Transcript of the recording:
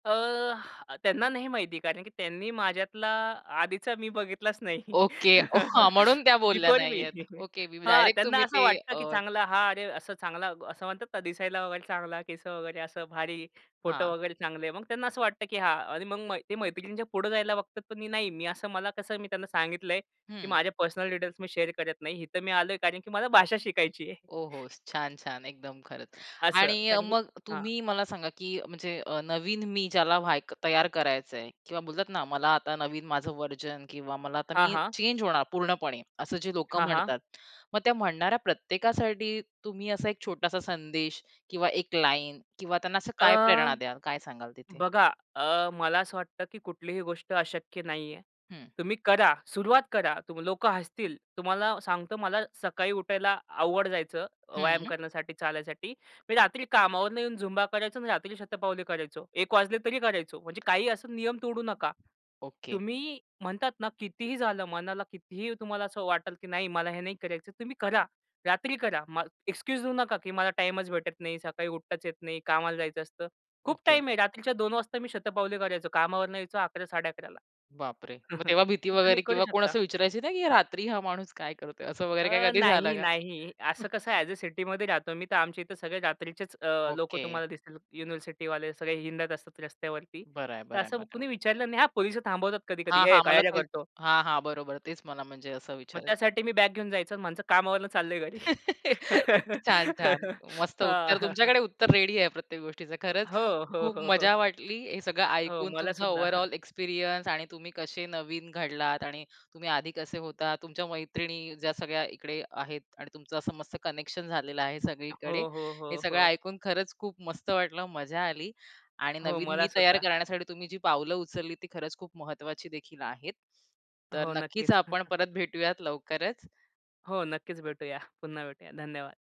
अ, त्यांना नाही माहिती कारण की त्यांनी माझ्यातला आधीचा मी बघितलाच नाही. ओके हां म्हणून त्या बोलल्या बिफोर मी नाहीयेत. ओके [unintelligible] हां, डायरेक्ट त्यांना तुम्ही असं ते वाटतं अ की चांगला हा अरे असं चांगला असं म्हणतात ना, दिसायला वगैरे चांगला केस वगैरे असं भारी फोटो हां. वगैरे चांगले आहे. मग त्यांना असं वाटतं की हां, आणि मग मै ते मैत्रिणींच्या पुढे जायला बघतात पण मी नाही, मी असं मला कसं मी त्यांना सांगितलंय की हं. माझे पर्सनल डिटेल्स मी शेअर करत नाही. इथं मी आलोय कारण की मला भाषा शिकायची आहे. ओ हो! छान, छान एकदम खरंच असं आणि कारण की मग हां. तुम्ही मला सांगा की म्हणजे अ, नवीन मी ज्याला व्हाय तयार करायचंय किंवा बोलतात ना, मला आता नवीन माझं व्हर्जन किंवा मला आता हां, मी हां. चेंज होणार पूर्णपणे असं जे लोकं हां, हां. म्हणतात. मग त्या म्हणणाऱ्या प्रत्येकासाठी तुम्ही असा एक छोटासा संदेश किंवा एक लाईन किंवा त्यांना असं काय अ, प्रेरणा द्याल, काय सांगाल तिथे? बघा अ, मला असं वाटतं की कुठलीही गोष्ट अशक्य नाहीये. हं. तुम्ही करा सुरुवात करा. तुम लोक हसतील. तुम्हाला सांगतो मला सकाळी उठायला अवघड जायचं व्यायाम हं. करण्यासाठी, चालायसाठी. मी रात्री कामावरून येऊन झुंबा करायचो आणि रात्री शतपावली करायचो. 1:00 वाजले तरी करायचो. म्हणजे काही असं नियम तोडू नका. ओके. तुम्ही म्हणतात ना, कितीही झालं, मनाला कितीही तुम्हाला असं वाटलं की नाही मला हे नाही करायचं तुम्ही करा. रात्री करा. म एक्सक्यूज देऊ नका की मला टाईमच भेटत नाही सकाळी उठताच येत नाही. कामाला जायचं असतं. खूप ओके. टाईम आहे रात्रीच्या 2:00 वाजता मी शतपावली करायचो. कामावरनं यायचो 11:00- 11:30 बाप रे! मग तेव्हा भीती तर तुम्ही वगैरे करू किंवा कोण शकता. असं विचारायचे ना, की रात्री हा माणूस काय करतोय? असं वगैरे काय अ, कधी झालं नाही, का? नाही असं कसं आहे ॲज अ सिटीमध्ये राहतो मी तर आमच्या इथे सगळे रात्रीचेच अ, लोकं ओके. तुम्हाला दिसतील युनिव्हर्सिटीवाले सगळे हिंडत असतात रस्त्यावरती. बरं आहे, तर बरं आहे मग असं तेवढं. कुणी विचारलं नाही हां, पोलिस थांबवतात कधी-कधी हां, "ए हां मला काय रे तेच करतो." हां, हां, बरोबर तेच मला म्हणजे असं मग विचाराय त्यासाठी मी बॅग घेऊन जायचो आणि म्हणायचो कामावरून चाललय घरी. छान, छान. मस्त हां, उत्तर, हां, हां. तुमच्याकडे उत्तर रेडी आहे प्रत्येक गोष्टीचं हो, खरंच हो, खूप हो, हो. मजा वाटली. हे सगळं हो ऐकून मला तुमचा सुद्धा. ओव्हरऑल एक्सपिरियन्स आणि तुम्ही कसे नवीन घडलात आणि तुम्ही आधी कसे होतात तुमच्या मैत्रिणी ज्या सगळ्या इकडे आहेत आणि तुमचं असं मस्त कनेक्शन झालेलं आहे सगळीकडे. हो, हो, हे हो, सगळं हो. ऐकून खरंच खूप मस्त वाटलं मजा आली आणि हो, नवीन मला मी तयार सुद्धा. करण्यासाठी तुम्ही जी पावलं उचलली ती खरंच खूप महत्वाची देखील आहेत. तर हो, नक्कीच नक्कीच. आपण परत भेटूयात लवकरच. हो, नक्कीच भेटूया. पुन्हा भेटूया धन्यवाद.